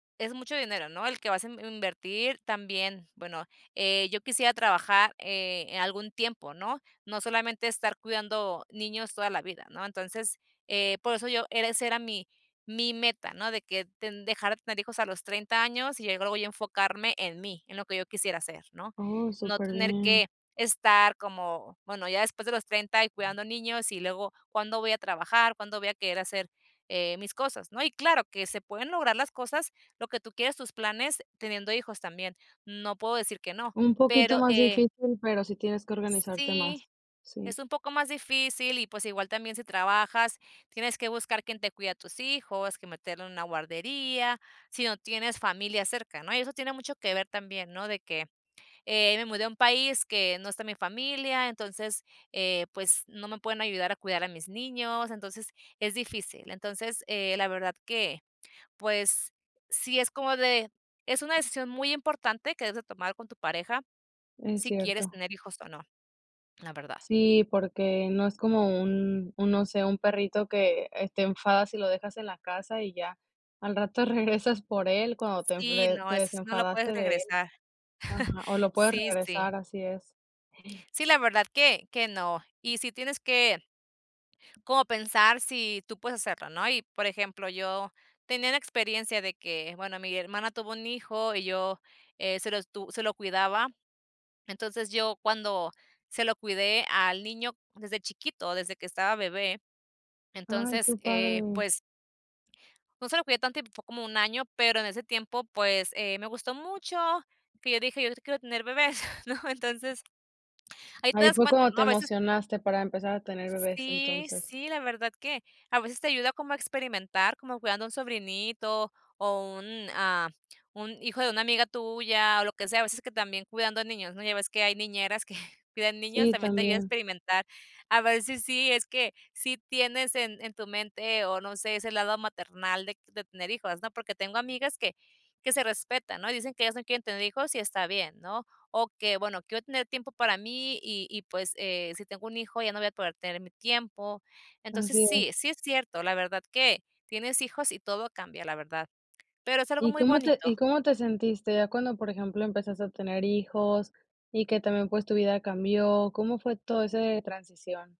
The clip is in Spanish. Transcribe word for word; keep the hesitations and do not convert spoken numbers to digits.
Es mucho dinero, ¿no?, el que vas a in invertir también, bueno, eh, yo quisiera trabajar, eh, algún tiempo, ¿no?, no solamente estar cuidando niños toda la vida, ¿no?, entonces, eh, por eso yo ese era mi mi meta, ¿no?, de que ten dejar de tener hijos a los treinta años y luego yo enfocarme en mí, en lo que yo quisiera hacer, ¿no?, Oh, no super tener bien. que estar como, bueno, ya después de los treinta y cuidando niños, y luego, ¿cuándo voy a trabajar, cuándo voy a querer hacer, eh, mis cosas, no?, y claro, que se pueden lograr las cosas, lo que tú quieres, tus planes, teniendo hijos también, no puedo decir que no. Un poquito Pero más eh difícil, pero sí tienes que organizarte sí, más, sí. es un poco más difícil y, pues igual también si trabajas, tienes que buscar quién te cuide a tus hijos, que meterlo en una guardería, sí no tienes familia cerca, ¿no?, y eso tiene mucho que ver también, ¿no?, de que, eh, me mudé a un país que no está mi familia, entonces, eh pues, no me pueden ayudar a cuidar a mis niños, entonces es difícil. Entonces, eh, la verdad que, pues sí es como de es una decisión muy importante que debes de tomar con tu pareja, Es sí quieres cierto. tener hijos o no, la verdad. Sí, porque no es como un un, no sé, un perrito que, eh, te enfadas y lo dejas en la casa y ya, al rato regresas por él, cuando te Sí, de no, te eso no lo puedes desenfadaste de él regresar. ajá, o lo puedes Sí sí. regresar, así es. Sí, la verdad que que no. Y sí tienes que como pensar sí tú puedes hacerlo, ¿no?, y, por ejemplo, yo tenía la experiencia de que, bueno, mi hermana tuvo un hijo y yo, eh, se lo estu se lo cuidaba, entonces, yo cuando se lo cuidé al niño desde chiquito, desde que estaba bebé, Ay, entonces, qué eh, padre. pues no se lo cuidé tanto, fue como un año, pero en ese tiempo, pues, eh, me gustó mucho que que yo dije, yo si quiero tener bebés, ¿no?, entonces, ahí te Ahí das fue cuenta, cuando ¿no?, te a veces emocionaste para empezar a tener bebés Sí entonces. sí, la verdad que a veces te ayuda como a experimentar, como cuidando a un sobrinito, o un a un hijo de una amiga tuya o lo que sea, a veces que también cuidando niños, ¿no?, ya ves que hay niñeras que cuidan niños, Sí, también te ayuda a también. experimentar, a ver sí sí es que sí tienes en en tu mente o no sé, ese lado maternal de de tener hijos, ¿no?, porque tengo amigas que que se respeta, ¿no?, y dicen que ellas no quieren tener hijos y está bien, ¿no?, o que, bueno, quiero tener tiempo para mí y y, pues, eh si tengo un hijo, ya no voy a poder tener mi tiempo. Entonces, Así es. sí sí es cierto, la verdad que tienes hijos y todo cambia, la verdad. Pero es algo ¿Y muy cómo te y bonito. cómo te sentiste ya cuando, por ejemplo, empezaste a tener hijos y que también, pues, tu vida cambió? ¿Cómo fue todo ese transición?